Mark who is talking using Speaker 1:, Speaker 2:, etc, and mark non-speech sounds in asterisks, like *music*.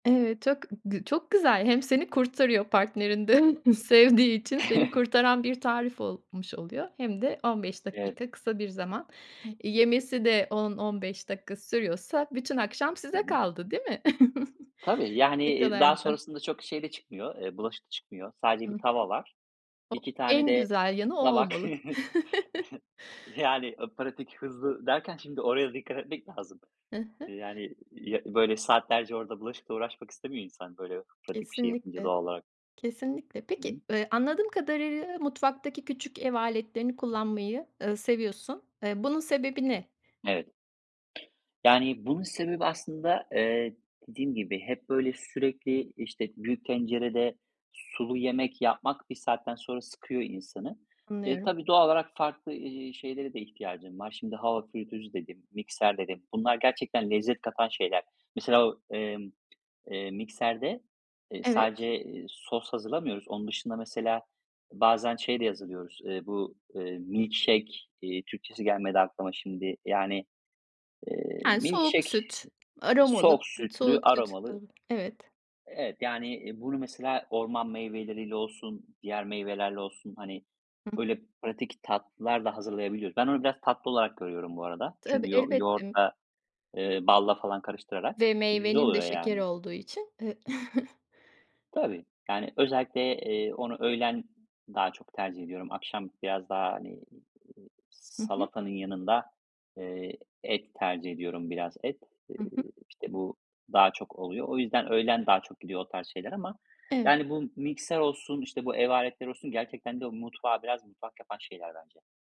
Speaker 1: Evet, çok g g çok güzel, hem seni kurtarıyor. Partnerin de *chuckles* sevdiği için seni
Speaker 2: *chuckles*
Speaker 1: kurtaran bir tarif olmuş oluyor hem de 15
Speaker 2: Evet.
Speaker 1: dakika kısa bir zaman. Iıı, yemesi de 10-15 dakika sürüyorsa bütün akşam
Speaker 2: Hı
Speaker 1: size
Speaker 2: hı.
Speaker 1: kaldı, değil mi?
Speaker 2: Tabii,
Speaker 1: *giggles*
Speaker 2: yani,
Speaker 1: Ne
Speaker 2: iii,
Speaker 1: kadar
Speaker 2: daha
Speaker 1: güzel.
Speaker 2: sonrasında çok şey de çıkmıyor, eee, bulaşık da çıkmıyor. Sadece
Speaker 1: Hı
Speaker 2: 1
Speaker 1: hı.
Speaker 2: tava var.
Speaker 1: O
Speaker 2: 2 tane
Speaker 1: en
Speaker 2: de
Speaker 1: güzel yanı o
Speaker 2: tabak.
Speaker 1: olmalı. *chuckles*
Speaker 2: *chuckles* Yani, a pratik, "hızlı" derken şimdi oraya dikkat etmek lazım.
Speaker 1: Hı hı.
Speaker 2: Yani, iii, böyle, saatlerce orada bulaşıkla uğraşmak istemiyor insan böyle pratik bir şey yapınca
Speaker 1: Kesinlikle.
Speaker 2: doğal olarak.
Speaker 1: Kesinlikle.
Speaker 2: Hı
Speaker 1: Peki,
Speaker 2: hı.
Speaker 1: eee, anladığım kadarıyla mutfaktaki küçük ev aletlerini kullanmayı, ııı, seviyorsun. Eee, bunun sebebi ne?
Speaker 2: Evet. Yani bunun sebebi aslında, eee, dediğim gibi hep böyle sürekli, işte, büyük tencerede sulu yemek yapmak bir saatten sonra sıkıyor insanı. Eee,
Speaker 1: Anlıyorum.
Speaker 2: tabii, doğal olarak farklı, ııı, şeylere de ihtiyacım var. Şimdi "hava fritözü" dedim "mikser"
Speaker 1: Hı.
Speaker 2: dedim. Bunlar gerçekten lezzet katan şeyler. Mesela o emm, eee, mikserde, eee, sadece,
Speaker 1: Evet.
Speaker 2: eee, sos hazırlamıyoruz. Onun dışında mesela bazen şey de hazırlıyoruz: Eee, bu, eee, milk shake, eee, Türkçesi gelmedi aklıma şimdi. Yani, eee,
Speaker 1: Yani
Speaker 2: milk
Speaker 1: soğuk
Speaker 2: shake,
Speaker 1: süt,
Speaker 2: soğuk
Speaker 1: aromalı
Speaker 2: sütlü
Speaker 1: soğuk süt.
Speaker 2: aromalı
Speaker 1: Evet.
Speaker 2: E evet. Yan,i bunu mesela orman meyveleriyle olsun diğer meyvelerle olsun, hani,
Speaker 1: Hı h
Speaker 2: böyle pratik tatlılar da hazırlayabiliyoruz. Ben onu biraz tatlı olarak görüyorum bu arada
Speaker 1: Tabii,
Speaker 2: çünkü yoğu
Speaker 1: elbette m
Speaker 2: yoğurtla, eee, balla falan karıştırarak
Speaker 1: Ve
Speaker 2: güzel
Speaker 1: meyvenin de
Speaker 2: oluyor
Speaker 1: şekeri
Speaker 2: yani.
Speaker 1: olduğu için, eee *chuckles*
Speaker 2: Tabii. Yani, özellikle, eee, onu öğlen daha çok tercih ediyorum. Akşam biraz daha, hani, eee,
Speaker 1: Hı hı.
Speaker 2: salatanın yanında, eee, et tercih ediyorum biraz et. Eee,
Speaker 1: Hı hı.
Speaker 2: işte bu daha çok oluyor. O yüzden öğlen daha çok gidiyor o tarz şeyler ama,
Speaker 1: Evet.
Speaker 2: yani, bu mikser olsun, işte, bu ev aletleri olsun gerçekten de o mutfağı biraz mutfak yapan şeyler bence.